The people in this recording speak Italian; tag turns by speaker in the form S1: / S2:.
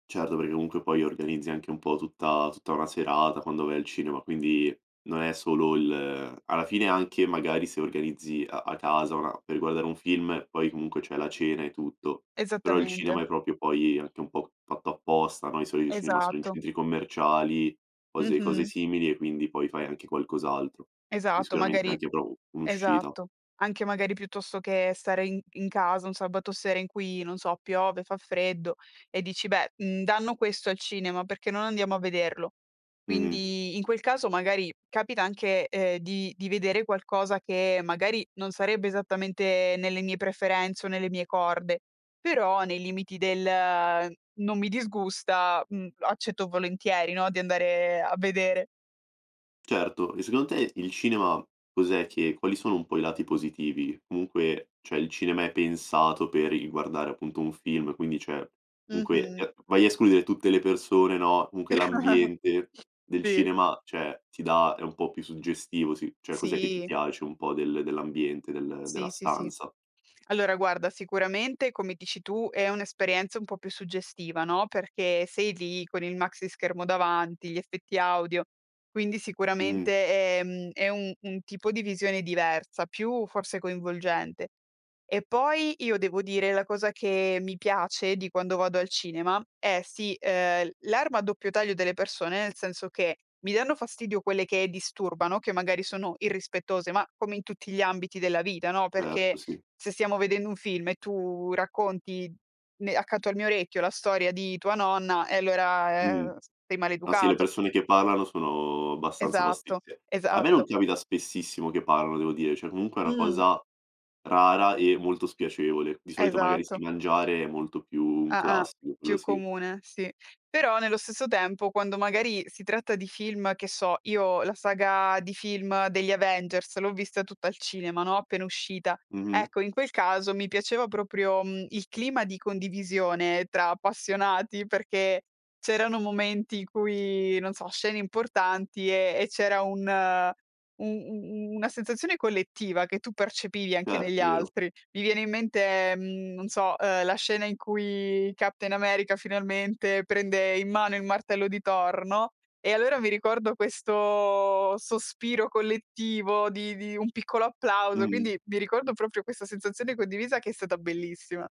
S1: Certo, perché comunque poi organizzi anche un po' tutta tutta una serata quando vai al cinema, quindi, non è solo l alla fine anche magari se organizzi a a casa una per guardare un film, poi comunque c'è la cena e tutto. Però il cinema
S2: Esattamente.
S1: è proprio poi anche un po' fatto apposta, no, i soli i cinema sono in
S2: Esatto.
S1: centri commerciali, cose cose
S2: Mh-mh.
S1: simili, e quindi poi fai anche qualcos'altro. Quindi
S2: Esatto,
S1: sicuramente
S2: magari
S1: anche [unintelligible] un'uscita.
S2: esatto. Anche magari piuttosto che stare in in casa, un sabato sera in cui, non so, piove, fa freddo e dici: "Beh, mhmm, danno questo al cinema, perché non andiamo a vederlo?"
S1: Mh-mh.
S2: Quindi in quel caso magari capita anche, ehm, di di vedere qualcosa che magari non sarebbe esattamente nelle mie preferenze o nelle mie corde, però nei limiti del "Non mi disgusta", mh, accetto volentieri no, di andare a vedere.
S1: Certo, e secondo te il cinema cos'è che quali sono un po' i lati positivi? Comunque, cioè il cinema è pensato per i guardare appunto un film, quindi cioè, comunque,
S2: Mh-mh.
S1: [unintelligible] vai a escludere tutte le persone, no, comunque l'ambiente del
S2: Sì.
S1: cinema, cioè ti dà è un po' più suggestivo, sì, cioè cos'è che ti
S2: Sì.
S1: piace un po' del dell'ambiente, del della
S2: Sì, sì sì.
S1: stanza?
S2: Allora guarda, sicuramente come dici tu è un'esperienza un po' più suggestiva, no, perché sei lì con il maxischermo davanti, gli effetti audio, quindi
S1: Mh.
S2: sicuramente, ehm, è un un tipo di visione diversa, più forse coinvolgente. E poi io devo dire, la cosa che mi piace di quando vado al cinema è sì, ehm, l l'arma a doppio taglio delle persone, nel senso che, mi danno fastidio quelle che disturbano, che magari sono irrispettose, ma come in tutti gli ambiti della vita, no,
S1: Certo
S2: perché
S1: sì.
S2: se stiamo vedendo un film e tu racconti ne accanto al mio orecchio, la storia di tua nonna e
S1: Mhm,
S2: allora, eh, s sei
S1: ah sì, le
S2: maleducato.
S1: persone che parlano sono abbastanza fasti
S2: Esatto,
S1: sì. A me non
S2: esatto.
S1: ti capita spessissimo che parlano devo dire, cioè comunque è una
S2: Mh.
S1: cosa rara e molto spiacevole. Di solito magari sì,
S2: Esatto.
S1: mangiare è molto più un
S2: Ah-ah.
S1: classico, quello
S2: Più
S1: sì.
S2: comune, sì. Però nello stesso tempo quando magari si tratta di film, che so, io la saga di film degli Avengers l'ho vista tutta al cinema, no, appena uscita.
S1: Mh-mh.
S2: Ecco, in quel caso mi piaceva proprio, mhmm, il clima di condivisione tra appassionati perché c'erano momenti in cui, non so, scene importanti e e c'era un u u u una sensazione collettiva, che tu percepivi anche
S1: Certo,
S2: negli
S1: vero.
S2: altri. Mi viene in mente, mhmm, non so, uhm, la scena in cui Captain America finalmente prende in mano il martello di Thor, no. E allora mi ricordo questo sospiro collettivo di di un piccolo applauso,
S1: Mh-mh.
S2: quindi mi ricordo proprio questa sensazione condivisa che è stata bellissima.